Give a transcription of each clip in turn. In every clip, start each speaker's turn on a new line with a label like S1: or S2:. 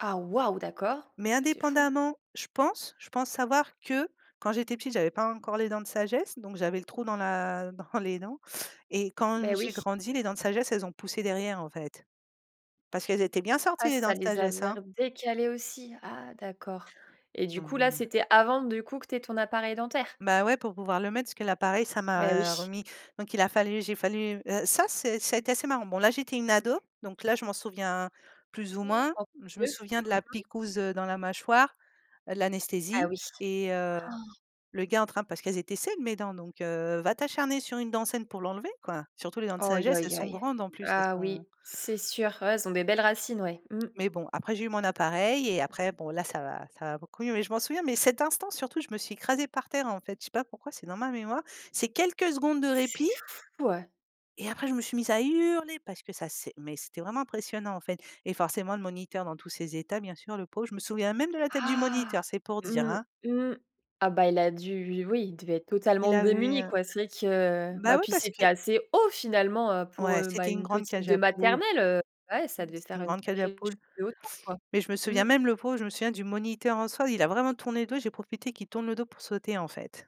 S1: Ah, waouh, d'accord,
S2: Mais
S1: bah, c'est fou!
S2: indépendamment, je pense je pense savoir que quand j'étais petite, j'avais pas encore les dents de sagesse, donc j'avais le trou dans la dans les dents et quand,
S1: Beh,
S2: mmh,
S1: oui.
S2: j'ai grandi, les dents de sagesse, elles ont poussé derrière, en fait parce qu'elles étaient bien sorties
S1: Ah
S2: les dents
S1: ça
S2: de
S1: les
S2: sagesse,
S1: avait
S2: hein.
S1: redécalé aussi. Ah d'accord et du
S2: Mmh
S1: coup, là,
S2: mh.
S1: c'était avant, du coup, que tu aies ton appareil dentaire?
S2: Bah, ouais, pour pouvoir le mettre parce que l'appareil ça
S1: Beh,
S2: m'a, heu,
S1: oui.
S2: remis donc il a fallu j'ai fallu ça c'est ça a été assez marrant. Bon, là, j'étais une ado, donc là, je m'en souviens plus ou moins.
S1: [unintelligible]
S2: Je me
S1: Mmh
S2: souviens de la
S1: mh.
S2: piquouse, heu, dans la mâchoire, heu,
S1: Ah
S2: l'anesthésie
S1: oui.
S2: et heu,
S1: Oh!
S2: le gars en train parce qu'elles étaient saines mes dents, donc heu, va t'acharner sur une dent saine pour l'enlever, quoi, surtout les dents de
S1: Oh, aïe
S2: sagesse. Elles sont
S1: aïe!
S2: grandes en plus elles
S1: Ah
S2: sont
S1: oui, c'est sûr, ouais, elles ont des belles racines, ouais, mmh.
S2: Mais bon, après j'ai eu mon appareil et après, bon, là, ça va ça va beaucoup mieux mais je m'en souviens mais cet instant surtout, je me suis écrasée par terre, en fait, je sais pas pourquoi c'est dans ma mémoire. C'est quelques secondes de
S1: C'est
S2: répit
S1: fou, heu
S2: et après je me suis mise à hurler parce que ça sai mais c'était vraiment impressionnant, en fait, et forcément le moniteur dans tous ses états, bien sûr, le pauvre, je me souviens même de la tête du
S1: Ah,
S2: moniteur c'est pour dire,
S1: mmh,
S2: hein.
S1: mmh, ah, bah, il a dû, lui oui, il devait être
S2: Il
S1: totalement
S2: avait,
S1: démuni,
S2: heu
S1: quoi. C'est vrai que, heu,
S2: bah,
S1: bah,
S2: oui,
S1: puis
S2: parce
S1: c'était
S2: que
S1: assez haut finalement, heu, pour,
S2: Ouais,
S1: heu, bah,
S2: c'était une
S1: une
S2: grande
S1: petite
S2: cage
S1: de
S2: à poule,
S1: maternelle, heu, ouais,
S2: mmh,
S1: ça devait
S2: c'était
S1: faire
S2: une
S1: une
S2: grande cage à
S1: sacrée
S2: poule
S1: chute de hauteur, quoi.
S2: mais je me souviens
S1: Mmh.
S2: même le pauvre, je me souviens du moniteur, en soi. Il a vraiment tourné le dos et j'ai profité qu'il tourne le dos pour sauter, en fait.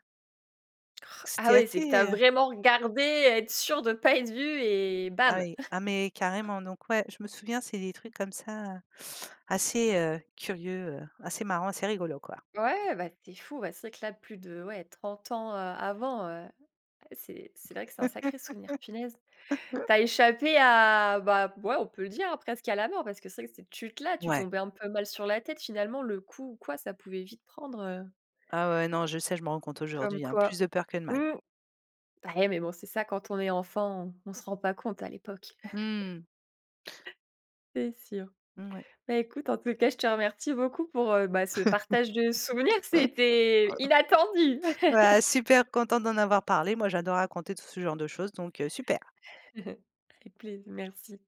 S1: Oh! Ah
S2: C'était
S1: oui, c'est que tu as
S2: assez
S1: vraiment regardé et être sûre de pas être vue et
S2: Ah
S1: bam!
S2: oui, ah mais carrément, donc ouais, je me souviens, c'est des trucs comme ça, heu, assez, heu, curieux, heu, assez marrant, assez rigolo, quoi.
S1: Ouais, bah, c'est fou, bah, c'est vrai que là, plus de ouais, 30 ans, heu, avant, heu, c'est c'est vrai que c'est un sacré souvenir, punaise! Tu as échappé à bah, ouais, on peut le dire, hein, presque à la mort parce que c'est que cette chute-là, tu
S2: Ouais.
S1: tombais un peu mal sur la tête, finalement, le coup ou quoi, ça pouvait vite prendre, heu
S2: Ah ouais, non, je sais, je me rends compte
S1: Comme
S2: aujourd'hui, hein.
S1: quoi.
S2: Plus de peur que de mal.
S1: Mmh. Bah, ouais, mais bon, c'est ça quand on est enfant, on se rend pas compte à l'époque.
S2: Mmh.
S1: C'est sûr,
S2: Mouais.
S1: bah, écoute, en tout cas, je te remercie beaucoup pour, heu, bah, ce partage de souvenirs. C'était inattendu!
S2: Ouais, super contente d'en avoir parlé, moi, j'adore raconter tout ce genre de choses, donc heu, super.
S1: Avec plais merci.